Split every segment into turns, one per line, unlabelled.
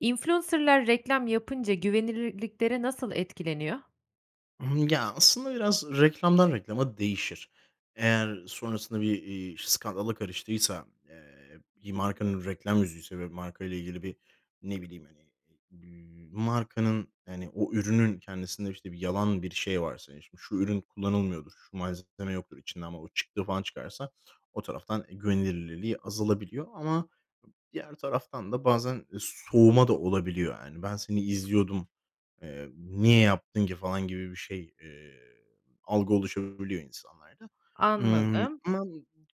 Influencer'lar reklam yapınca güvenilirlikleri nasıl etkileniyor?
Hımm, ya, aslında biraz reklamdan reklama değişir. Eğer sonrasında bir, iii, skandala karıştıysa, eee, bir markanın reklam yüzüyse ve markayla ilgili bir, ne bileyim, hani, eee, bir markanın hani o ürünün kendisinde işte yalan bir şey varsa yani şimdi "şu ürün kullanılmıyordur, şu malzeme yoktur içinde" ama o çıktığı falan çıkarsa o taraftan güvenilirliliği azalabiliyor ama diğer taraftan da bazen soğuma da olabiliyor. Hani "ben seni izliyordum, eee, niye yaptın ki" falan gibi bir şey, eee, algı oluşabiliyor insanlarda. Imm,
Anladım.
ama b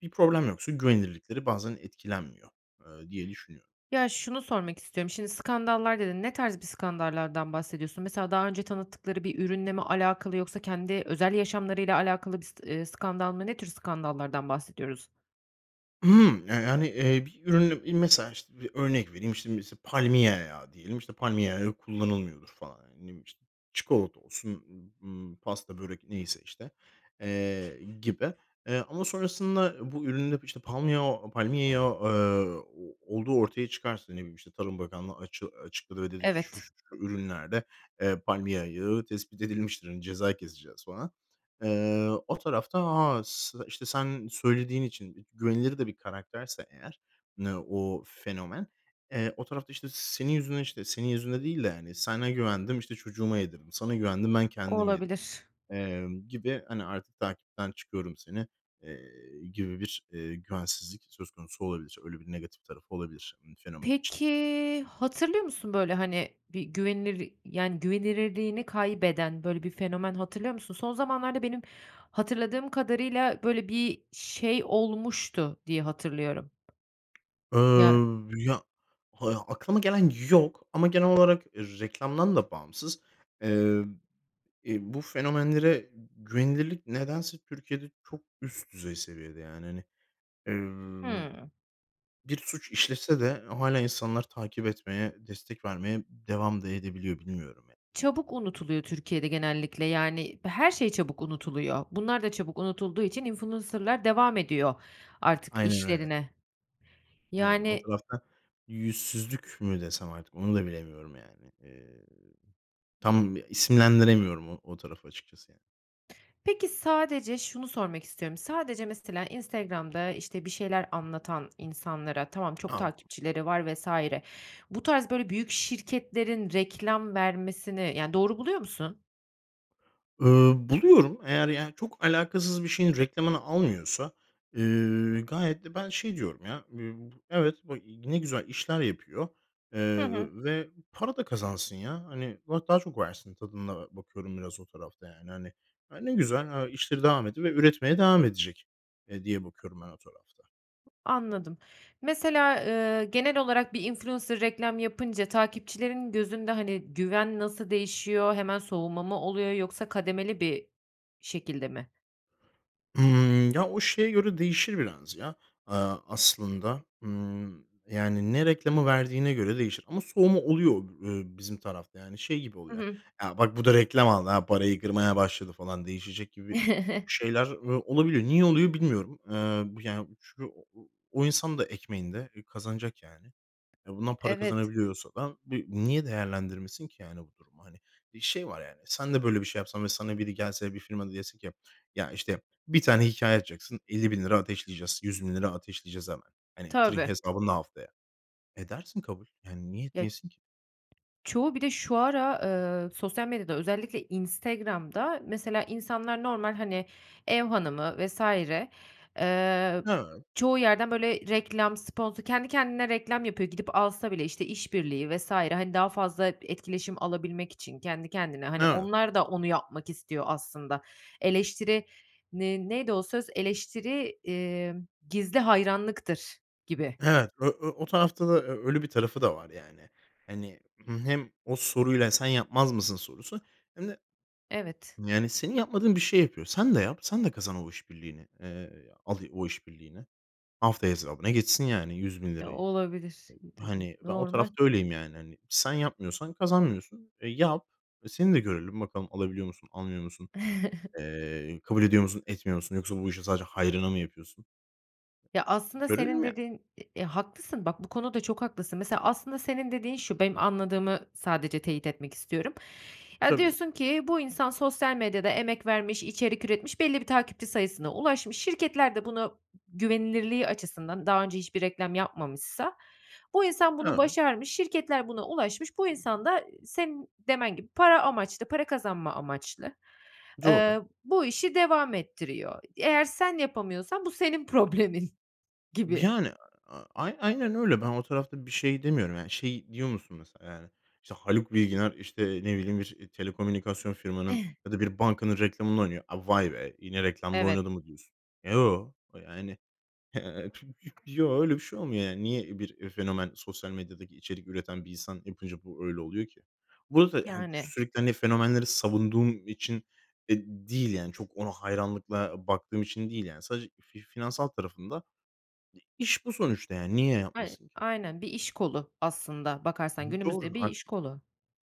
bir problem yoksa güvenirlikleri bazen etkilenmiyor, ııı, diye düşünüyorum.
Ya şunu sormak istiyorum, şimdi skandallar dedin, ne tarz bir skandallardan bahsediyorsun? Mesela daha önce tanıttıkları bir ürünle mi alakalı yoksa kendi özel yaşamlarıyla alakalı bir s ııı, skandal mı? Ne tür skandallardan bahsediyoruz?
Hımm, eee, hani, eee, bir ürünü, iii, mesela işte bir örnek vereyim. İşte mesela palmiye yağı diyelim. İşte "palmiye yağı yok, kullanılmıyordur" falan. Yani, ne bileyim, işte. Çikolata olsun, ımm, pasta, börek neyse işte, eee, gibi, eee, ama sonrasında bu üründe işte palmiyo palmiye yağı, ııı, o olduğu ortaya çıkarsa, ne bileyim, işte, Tarım Bakanlığı açı açıkladı ve dedi ki "şu
Evet.
şu şu ürünlerde, eee, palmiye yağı tespit edilmiştir, hani ceza keseceğiz" falan. Eee, o tarafta, ha, s işte sen söylediğin için güvenilir de bir karakterse eğer ne o fenomen, eee, o tarafta işte "senin yüzünden" işte "senin yüzünden" değil de hani, "Sana güvendim işte çocuğuma yedirdim. Sana güvendim ben
O,
kendim yedim."
olabilir.
emm, gibi hani artık "takipten çıkıyorum seni" eee, gibi bir, eee, güvensizlik söz konusu olabilir, öyle bir negatif tarafı olabilir, ımm, fenomen için.
Peki, hatırlıyor musun böyle hani bir güvenilir yani güvenilirliğini kaybeden böyle bir fenomen hatırlıyor musun? Son zamanlarda benim hatırladığım kadarıyla böyle bir şey olmuştu diye hatırlıyorum. Ya
Iıı, ya, ha aklıma gelen yok ama genel olarak reklamdan da bağımsız, ııı, iii, bu fenomenlere güvenilirlik nedense Türkiye'de çok üst düzey seviyede yani hani, ııı,
Hımm.
bir suç işlese de hâlâ insanlar takip etmeye, destek vermeye devam da edebiliyor bilmiyorum ya.
Çabuk unutuluyor Türkiye'de genellikle, yani her şey çabuk unutuluyor. Bunlar da çabuk unutulduğu için influencer'lar devam ediyor artık
Aynen öyle.
işlerine
Aynen o
yani
tarafta yüzsüzlük mü desem artık onu da bilemiyorum yani, eee, tam isimlendiremiyorum o o tarafı açıkçası yani.
Peki, sadece şunu sormak istiyorum. Sadece, mesela, Instagram'da, işte, bir şeyler anlatan insanlara, tamam, çok
A, bu
takipçileri var vs. bu tarz böyle büyük şirketlerin reklam vermesini, yani, doğru buluyor musun?
Iıı, buluyorum. Eğer, yani, çok alakasız bir şeyin reklamını almıyorsa, ııı, gayet de ben şey diyorum ya. Iıı, evet, b ne güzel işler yapıyor,
Hı
eee,
hı.
ve para da kazansın ya. Hani, va daha çok versin tadında bakıyorum biraz o tarafta, yani, hani. Ya, ne güzel, he, işleri devam ediyor ve üretmeye devam edecek, eee, diye bakıyorum ben o tarafta.
Anladım. Mesela, ııı, genel olarak bir influencer reklam yapınca, takipçilerin gözünde, hani, güven nasıl değişiyor, hemen soğuma mı oluyor yoksa kademeli bir şekilde mi?
Hımm, ya, o şeye göre değişir biraz, ya, ııı, aslında. Hımm, yani, ne reklamı verdiğine göre değişir ama soğuma oluyor, ııı, bizim tarafta, yani, şey gibi
Hı
oluyor,
hı.
"ya bak bu da reklam aldı, he, parayı kırmaya başladı." falan değişecek gibi şeyler, ııı, olabiliyor. Niye oluyor bilmiyorum. Iıı, b yani, çünkü o o insan da ekmeğinde, eee, kazanacak, yani. Eee, bundan para
Evet.
kazanabiliyorsa da b niye değerlendirmesin ki yani bu durumu, hani? Şey var, yani, sen de böyle bir şey yapsan ve sana biri gelse, bir firma da dese ki, ya, işte, 1 tane hikâye atacaksın ₺50.000 ateşleyeceğiz, ₺100.000 ateşleyeceğiz hemen. Hani, tirink
Tabii.
hesabında haftaya. Edersin kabul. Yani, niye
Ya
etmeyesin ki?
çoğu bir de şu ara, ııı, sosyal medyada özellikle Instagram'da mesela insanlar normal, hani, ev hanımı vs. ııı,
Hıı.
çoğu yerden, böyle, reklam, sponsor kendi kendine reklam yapıyor, gidip alsa bile, işte, işbirliği vs. hani, daha fazla etkileşim alabilmek için kendi kendine.
N
Hani,
eee
onlar da onu yapmak istiyor aslında. Eleştiri ne neydi o söz, "Eleştiri, iii, gizli hayranlıktır." gibi.
Evet, ö ö o tarafta da ö öyle bir tarafı da var, yani. Hani, hem o soruyla sen yapmaz mısın sorusu hem de,
Evet.
yani, senin yapmadığın bir şey yapıyor. Sen de yap. Sen de kazan o işbirliğini. Eee, al o işbirliğini. Haftaya hesabına geçsin yani yüz bin
Ya,
lirayı.
olabilir.
Iıı,
Dı
hani, ben o
normal.
tarafta öyleyim, yani, hani. Sen yapmıyorsan kazanmıyorsun, e, yap. E, seni de görelim bakalım alabiliyor musun, almıyor musun, eee, kabul ediyor musun, etmiyor musun yoksa bu işi sadece hayrına mı yapıyorsun.
Ya,
Eee,
aslında
görelim
senin
ya.
dediğin, i e haklısın bak bu konuda çok haklısın. Mesela aslında senin dediğin şu, benim anladığımı sadece teyit etmek istiyorum. Ya,
Tabii.
diyorsun ki, bu insan sosyal medyada emek vermiş, içerik üretmiş, belli bir takipçi sayısına ulaşmış, şirketler de buna güvenilirliği açısından, daha önce hiçbir reklam yapmamışsa, bu insan bunu
Evet.
başarmış, şirketler buna ulaşmış, bu insan da senin demen gibi para amaçlı, para kazanma amaçlı,
Doğru.
ııı, bu işi devam ettiriyor. Eğer sen yapamıyorsan bu senin problemin
B
gibi.
yani, a a aynen öyle. Ben o tarafta bir şey demiyorum. Yani, şeyi diyor musun mesela, yani, işte, Haluk Bilginer, işte, ne bileyim, bir telekomünikasyon firmanın ya da bir bankanın reklamını oynuyor. A, "Vay be yine reklamda
Evet.
oynadı" mı diyorsun? Eee, yo, yani. Yoo, öyle bir şey olmuyor, yani. Niye bir fenomen, sosyal medyadaki içerik üreten bir insan yapınca bu öyle oluyor ki? Burada, hani,
Yani.
sürekli, hani, fenomenleri savunduğum için de değil, yani, çok ona hayranlıkla baktığım için değil. Yani, sadece fi finansal tarafında d iş bu sonuçta, yani, niye
[unintelligible]
yapmasın ki?
Aynen bir iş kolu aslında
Hı
bakarsan,
hı,
günümüzde
doğru,
bir
artık.
iş kolu.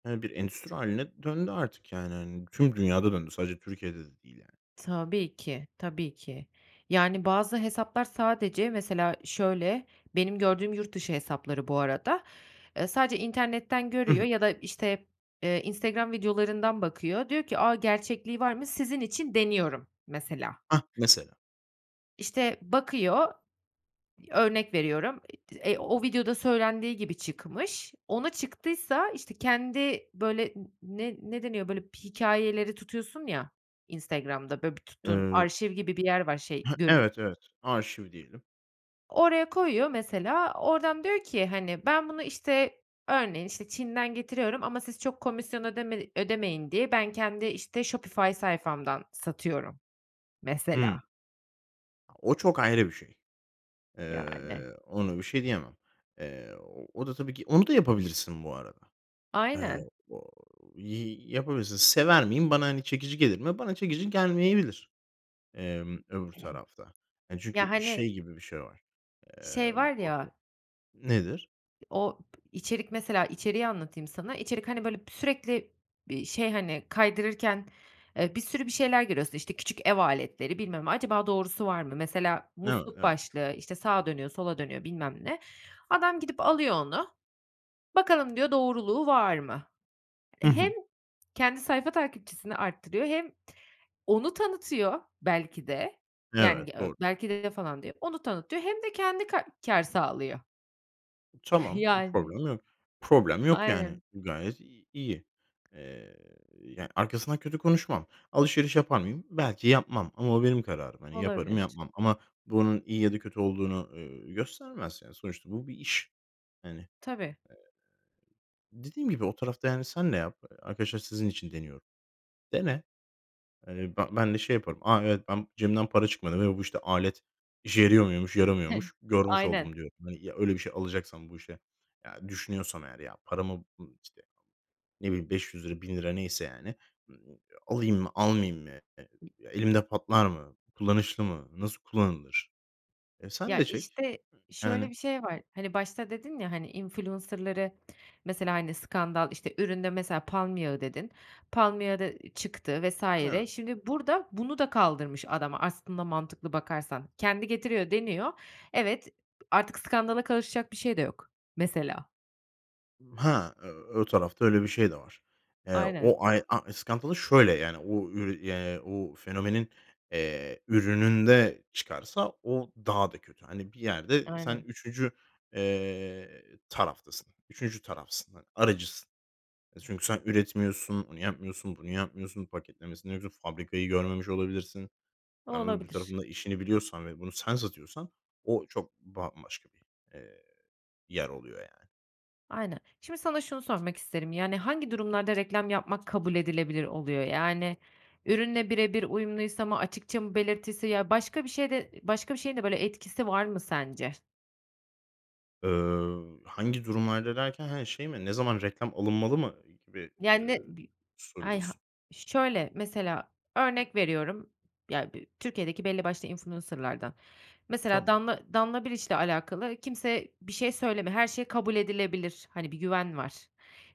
Eee, bir endüstri hâline döndü artık, yani, hani, tüm dünyada döndü sadece Türkiye'de de değil, yani.
Tabii ki, tabii ki. Yani, bazı hesaplar sadece mesela şöyle, benim gördüğüm yurt dışı hesapları bu arada. Iıı, sadece internetten
Hı
görüyor
hı.
ya da, işte, eee, Instagram videolarından bakıyor, diyor ki, "A, gerçekliği var mı, sizin için deniyorum." mesela.
Hah, mesela.
İşte, bakıyor, örnek veriyorum, iii, eee, o videoda söylendiği gibi çıkmış, ona çıktıysa, işte, kendi böyle n ne ne deniyor, böyle, hikâyeleri tutuyorsun ya Instagram'da, böyle, bir tuttuğun
Eee
arşiv gibi bir yer var şey
Hıı,
görün
evet, evet arşiv diyelim.
Oraya koyuyor mesela, oradan diyor ki, hani, "Ben bunu," işte, örneğin, işte, "Çin'den getiriyorum ama siz çok komisyon ödeme ödemeyin diye ben kendi, işte, Shopify sayfamdan satıyorum." mesela.
Hı. A, o çok ayrı bir şey.
Yani.
Eee, ona bir şey diyemem. Eee, o o da tabii ki, onu da yapabilirsin bu arada. Eee,
Aynen.
ooo, yi yapabilirsin. Sever miyim? Bana, hani, çekici gelir mi? Bana çekici gelmeyebilir. Emm, öbür tarafta. Hani,
Ya,
çünkü
hani
şey gibi bir şey var.
şey
Emm
var
[unintelligible]
ya
Nedir?
o p içerik, mesela, içeriği anlatayım sana. İçerik, hani, böyle, sürekli bir şey, hani, kaydırırken, eee, bir sürü bir şeyler görüyorsun, işte, küçük ev aletleri bilmem ne, acaba doğrusu var mı? Mesela
Evet,
musluk
evet.
başlığı, işte, sağa dönüyor sola dönüyor bilmem ne. Adam gidip alıyor onu, bakalım diyor doğruluğu var mı?
Hı
Hem
hı.
kendi sayfa takipçisini arttırıyor hem onu tanıtıyor belki de. Yani, ge
Evet, doğru.
belki de falan değil, onu tanıtıyor hem de kendi ka kâr sağlıyor.
Tamam, bir
Yani.
problem yok, problem yok, yani,
Aynen.
gayet i iyi, eee, ya, arkasından kötü konuşmam. Alışveriş yapar mıyım? Belki yapmam. Ama o benim kararım, hani, yaparım,
Olabilir.
yapmam. Ama bu, onun iyi ya da kötü olduğunu, ııı, göstermez. Yani, sonuçta bu bir iş, hani. Eee,
Tabii.
dediğim gibi o tarafta, yani, sen de yap, eee, arkadaşlar sizin için deniyorum. Dene. Hani, be ben de şey yaparım. "A, evet, ben cebimden para çıkmadı ve bu, işte, alet işe yarıyor muymuş, yaramıyormuş görmüş
Aynen.
oldum" diyorum. Hani, ya, öyle bir şey alacaksam bu işe, yani, düşünüyorsam eğer ya paramı, [unintelligible] işte, ne bileyim ₺500 ₺1.000 lira neyse, yani. Imm, ııı, alayım mı, almayayım mı? E e ya, elimde patlar mı, kullanışlı mı, nasıl kullanılır? E, sen
Ya,
de çek,
işte, şöyle
yani.
bir şey var; hani, başta dedin ya, hani, influencer'ları mesela, hani, skandal, işte, üründe mesela palm yağı dedin, palm yağı da çıktı vs.
Hıı.
Şimdi burada bunu da kaldırmış adam aslında mantıklı bakarsan. Kendi getiriyor, deniyor. Evet, artık skandala karışacak bir şey de yok mesela.
Ha, eee, o tarafta öyle bir şey de var. Eee,
Aynen.
o ay a e skandalı şöyle, yani, o ürü ya, o fenomenin, eee, ürününde çıkarsa o daha da kötü. Hani, bir yerde sen
Aynen.
3. eee, taraftasın, 3. tarafsın, hani, aracısın. E, çünkü sen üretmiyorsun, onu yapmıyorsun, bunu yapmıyorsun, paketlemesini ruf fabrikayı görmemiş olabilirsin. Yani, öbür
Olabilir.
tarafın da işini biliyorsan ve bunu sen satıyorsan o çok bambaşka bir, eee, yer oluyor, yani.
Aynen, şimdi sana şunu sormak isterim, yani, hangi durumlarda reklam yapmak kabul edilebilir oluyor? Yani, ürünle bire bir uyumluysa mı, açıkça mı belirtisi, ya, başka bir şeyde başka bir şeyin de, böyle, etkisi var mı sence?
Ööö, "hangi durumlarda" derken, he, şey mi? Ne zaman reklam alınmalı mı gibi, eee,
Yani bi ay, ha
soruyorsun?
şöyle, mesela, örnek veriyorum. Ya, bir Türkiye'deki belli başlı influencer'lardan. Mesela
Tamam.
Danla Danla Biliç'le alakalı kimse bir şey söylemiyor, her şey kabul edilebilir, hani, bir güven var.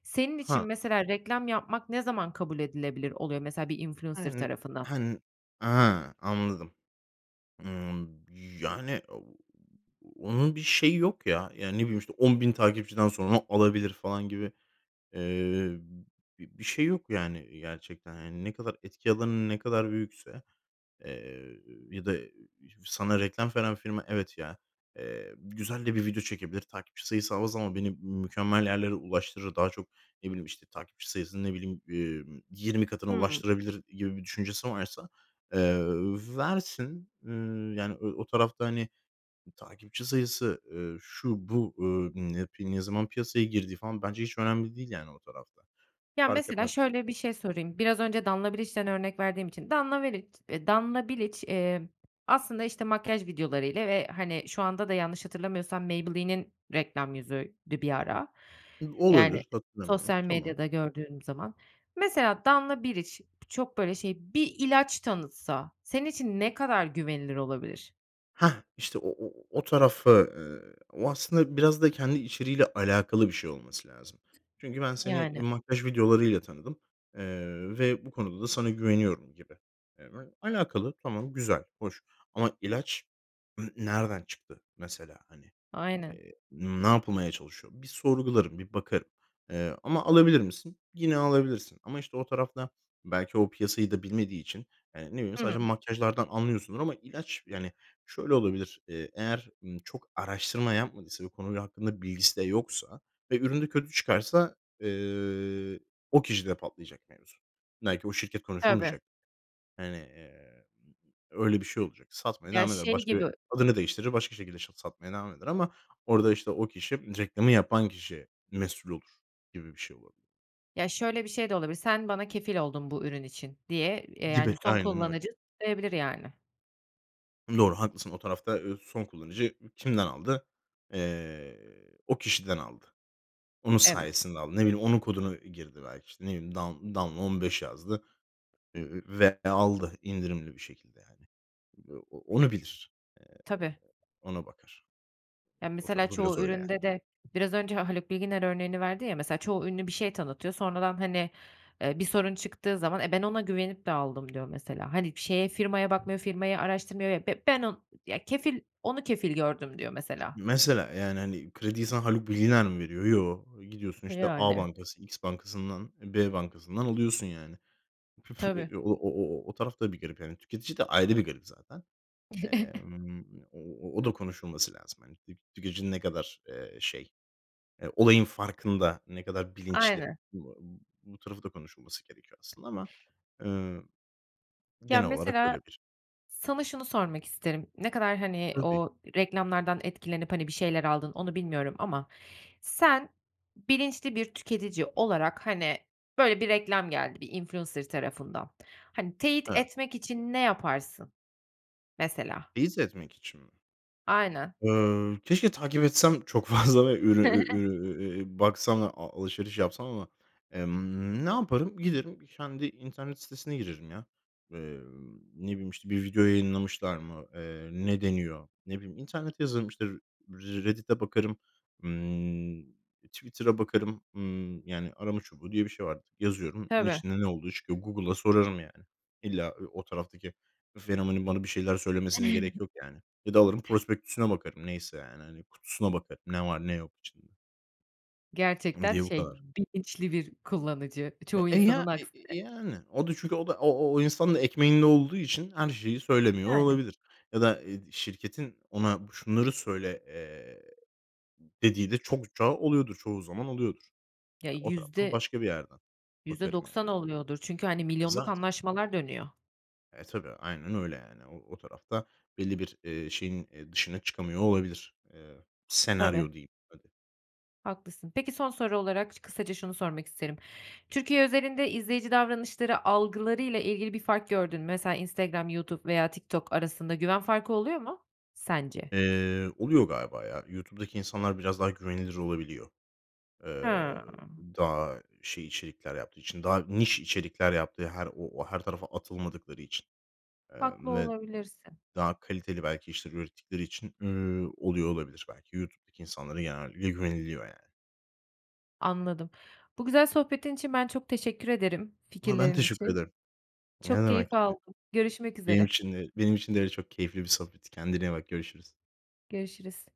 Senin için
Ha.
mesela reklam yapmak ne zaman kabul edilebilir oluyor mesela bir influencer tarafından?
[unintelligible] Ha, anladım. Imm, yani, ooo, onun bir şeyi yok ya. Yani, ne bileyim, işte, 10.000 takipçiden sonra alabilir falan gibi, eee, bi bir şey yok, yani, gerçekten. Yani, ne kadar etki alanın ne kadar büyükse, eee, ya da sana reklam veren firma, "Evet ya, eee, güzel de bir video çekebilir. Takipçi sayısı av az ama beni mükemmel yerlere ulaştırır. Daha çok, ne bileyim, işte, takipçi sayısını, ne bileyim, emm, 20 katına
Hımm.
ulaştırabilir." gibi bir düşüncesi varsa, eee, ööö versin. Iıı, yani, ö o tarafta, hani, takipçi sayısı, eee, şu, bu, ööö, ımm, ne yapi ne zaman piyasaya girdiği falan bence hiç önemli değil, yani, o tarafta.
Ya,
Fark
mesela
etmez
şöyle bir şey sorayım, biraz önce Danla Biliç’ten örnek verdiğim için. Danla Meriç eee, Danla Biliç, emm, aslında, işte, makyaj videolarıyla ve, hani, şu anda da yanlış hatırlamıyorsam Maybelline’nin reklam yüzüydü bir ara,
Hıı,
yani,
olabilir, hatırlamıyorum.
sosyal
Tamam.
medyada gördüğüm zaman. Mesela Danla Biliç çok, böyle, şey bir ilaç tanıtsa senin için ne kadar güvenilir olabilir?
Hah, işte, o o o o tarafı, eee, o aslında biraz da kendi içeriğiyle alakalı bir şey olması lazım. Çünkü ben seni, eee,
Yani.
makyaj videolarıyla tanıdım, eee, ve bu konuda da sana güveniyorum gibi. Eee, ve alakalı. Tamam, güzel, hoş ama ilaç n nereden çıktı, mesela, hani?
Aynen.
Eee, ne yapılmaya çalışıyor? Bir sorgularım, bir bakarım, eee, ama alabilir misin? Yine alabilirsin ama, işte, o tarafta belki o piyasayı da bilmediği için, eee, ne bileyim,
Hı hı.
sadece makyajlardan anlıyorsundur ama ilaç Yani, şöyle olabilir, eee, eğer, ımm, çok araştırma yapmadıysa ve konuyla hakkında bilgisi de yoksa ve ürün de kötü çıkarsa, eee, o kişide patlayacak mevzu. Belki o şirket
Tabii.
konuşulmayacak. Hani, eee, öyle bir şey olacak. Satmaya
Ya,
devam eder.
şey gibi
Başka adını değiştirir, başka şekilde şa satmaya devam eder ama orada, işte, o kişi reklamı yapan kişi mesul olur gibi bir şey olabilir.
Ya, şöyle bir şey de olabilir. "Sen bana kefil oldun bu ürün için." diye, eee, yani
Gibi.
son
Aynen öyle.
kullanıcı diyebilir, yani.
Doğru, haklısın. O tarafta, eee, son kullanıcı ü kimden aldı? Eee, o kişiden aldı. Onun
Evet.
sayesinde aldı. Ne bileyim, onun kodunu girdi belki, işte, ne bileyim, "Dan Danla 15" yazdı, eee, ve aldı indirimli bir şekilde, yani. O onu bilir, eee,
Tabii.
ona bakar.
Ya,
O
mesela
tarafı biraz
çoğu
öyle, yani.
üründe de Biraz önce o Haluk Bilginer örneğini verdin ya mesela, çoğu ünlü bir şey tanıtıyor, sonradan, hani, eee, bir sorun çıktığı zaman, "E, ben ona güvenip de aldım." diyor mesela. Hani, bir şeye, firmaya bakmıyor, firmayı araştırmıyor, [unintelligible] "B ben on Ya, kefil onu kefil gördüm." diyor
Ha,
mesela.
mesela, yani, hani, krediyi sana Haluk Bilginer mi veriyor? Yoo. Eee, gidiyorsun,
E,
işte, A
yani.
bankası, X bankasından, eee, B bankasından alıyorsun, yani. Püf
Tabii.
eee, o o o o o taraf da bir garip. Yani, tüketici de ayrı bir garip zaten. Emm, ııı, o o o da konuşulması lazım, hani. Tik tüketicinin ne kadar, eee, şey, eee, olayın farkında, ne kadar bilinçli?
Aynen.
Bu tarafı da konuşulması gerekiyor aslında ama, eee,
Ya,
genel olarak öyle
mesela
bir
sana şunu sormak isterim, ne kadar, hani,
Tabii.
o reklamlardan etkilenip, hani, bir şeyler aldın onu bilmiyorum ama sen bilinçli bir tüketici olarak, hani, böyle bir reklam geldi bir influencer tarafından. Hani, teyit
Evet.
etmek için ne yaparsın? Mesela?
Teyit etmek için mi?
Aynen.
Ööö, keşke takip etsem çok fazla ve ürü ü ürün, e e baksam da a alışveriş yapsam ama, emm, ne yaparım? Giderim kendi internet sitesine girerim ya. Eee, ne bileyim, işte, bir video yayınlamışlar mı? Eee, ne deniyor? Ne bileyim internete yazarım, işte, R Reddit’e bakarım, ımm, Twitter'a bakarım. Imm yani arama çubuğu diye bir şey var. Yazıyorum bunun
Tabii.
içinde ne olduğu çıkıyor. Google'a sorarım, yani. İlla, eee, o taraftaki fenomenin bana bir şeyler söylemesine gerek yok, yani. Ya da alırım prospektüsüne bakarım neyse, yani, hani, kutusuna bakarım ne var ne yok içinde. Imm,
Gerçekten
diye bu
şey
kadar.
bilinçli bir kullanıcı çoğu
E e,
insanın
ya
aksine.
[unintelligible] yani o da çünkü o da o o o insanın da ekmeğinde olduğu için her şeyi söylemiyor
Yani.
olabilir ya da, eee, şirketin ona şunları söyle, eee, dediği de çokça oluyordur. Çoğu zaman oluyordur.
Ya
Ya o taraftan
yüzde
başka bir yerden
Yüzde
bakarım yani.
doksan oluyordur, çünkü hani
E,
milyonluk
zaten.
anlaşmalar dönüyor.
E, tabii, aynen öyle yani o o tarafta belli bir, eee, şeyin, eee, dışına çıkamıyor olabilir. Eee,
Tabii.
senaryo diyeyim hadi.
Haklısın. Peki, son soru olarak ş kısaca şunu sormak isterim. Türkiye üzerinde izleyici davranışları algılarıyla ilgili bir fark gördün mü? Mesela Instagram, YouTube veya TikTok arasında güven farkı oluyor mu Sence?
Eee, oluyor galiba ya. YouTube'daki insanlar biraz daha güvenilir olabiliyor. Eee,
Hımm.
daha şey içerikler yaptığı için, daha niş içerikler yaptığı her o o her tarafa atılmadıkları için,
Haklı
emm, ve
olabilirsin.
daha kaliteli belki işleri ürettikleri için, üüü, oluyor olabilir belki. YouTube'daki insanlara genellikle güveniliyor yani.
Anladım. Bu güzel sohbetin için ben çok teşekkür ederim,
A ha, ben
fikirlerin
teşekkür
için.
ederim. Ne
Çok keyif
demek. I
aldım görüşmek
benim
üzere.
için de benim için de çok keyifli bir sohbetti. Kendine iyi bak görüşürüz.
Görüşürüz.